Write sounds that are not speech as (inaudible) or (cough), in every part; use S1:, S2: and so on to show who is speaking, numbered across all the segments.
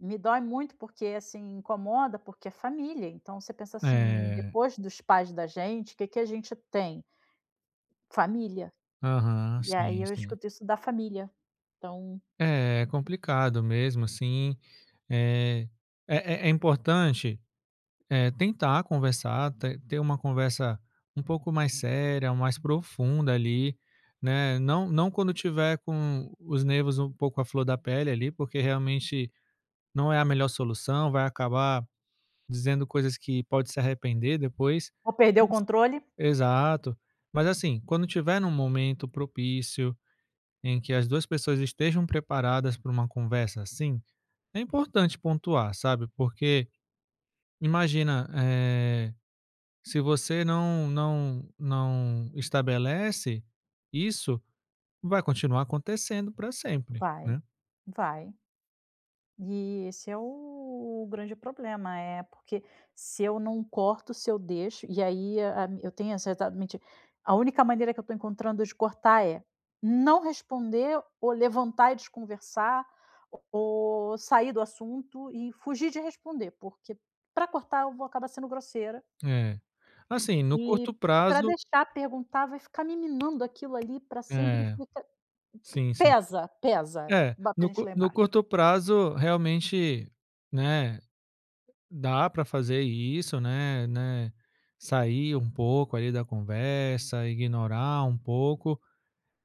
S1: Me dói muito, porque, assim, incomoda, porque é família. Então você pensa, assim,
S2: É.
S1: depois dos pais da gente, que que a gente tem? Família.
S2: Aham,
S1: E aí
S2: sim,
S1: eu
S2: sim.
S1: escuto isso da família. Então
S2: É, é complicado mesmo, assim. É é é é importante, eh, tentar conversar, ter ter uma conversa um pouco mais séria, mais profunda ali, né. Não não quando tiver com os nervos um pouco à flor da pele ali, porque realmente não é a melhor solução, vai acabar dizendo coisas que pode se arrepender depois.
S1: Vou perder o controle.
S2: Exato, mas assim, quando tiver num momento propício em que as 2 pessoas estejam preparadas para uma conversa, assim, é importante pontuar, sabe? Porque imagina, eh, se você não não não estabelece isso, vai continuar acontecendo para sempre,
S1: Vai,
S2: né.
S1: vai. E esse é o grande problema. É porque se eu não corto, se eu deixo. E aí eu tenho (unintelligible) A única maneira que eu estou encontrando de cortar é: não responder, ou levantar e desconversar, ou sair do assunto e fugir de responder, porque pra cortar eu vou acabar sendo grosseira.
S2: É, assim, no
S1: E
S2: curto
S1: pra
S2: prazo.
S1: deixar perguntar vai ficar me minando aquilo ali pra sempre.
S2: É,
S1: Fica
S2: sim, sim.
S1: pesa, pesa.
S2: É,
S1: Bota a
S2: no
S1: gente lá
S2: no
S1: embaixo.
S2: curto prazo realmente, né, dá para fazer isso, né né, sair um pouco ali da conversa, ignorar um pouco,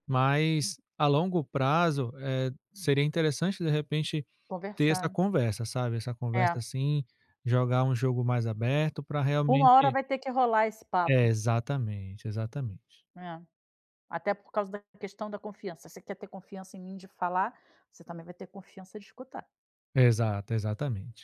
S2: mas a longo prazo, eh, seria interessante, de repente, ter essa
S1: Conversar.
S2: conversa, sabe. Essa conversa
S1: É.
S2: assim, jogar um jogo mais aberto pra
S1: Uma hora
S2: realmente
S1: vai ter que rolar esse
S2: É
S1: papo.
S2: exatamente, exatamente.
S1: É, até por causa da questão da confiança. Você quer ter confiança em mim de falar? Você também vai ter confiança de escutar.
S2: Exato, exatamente.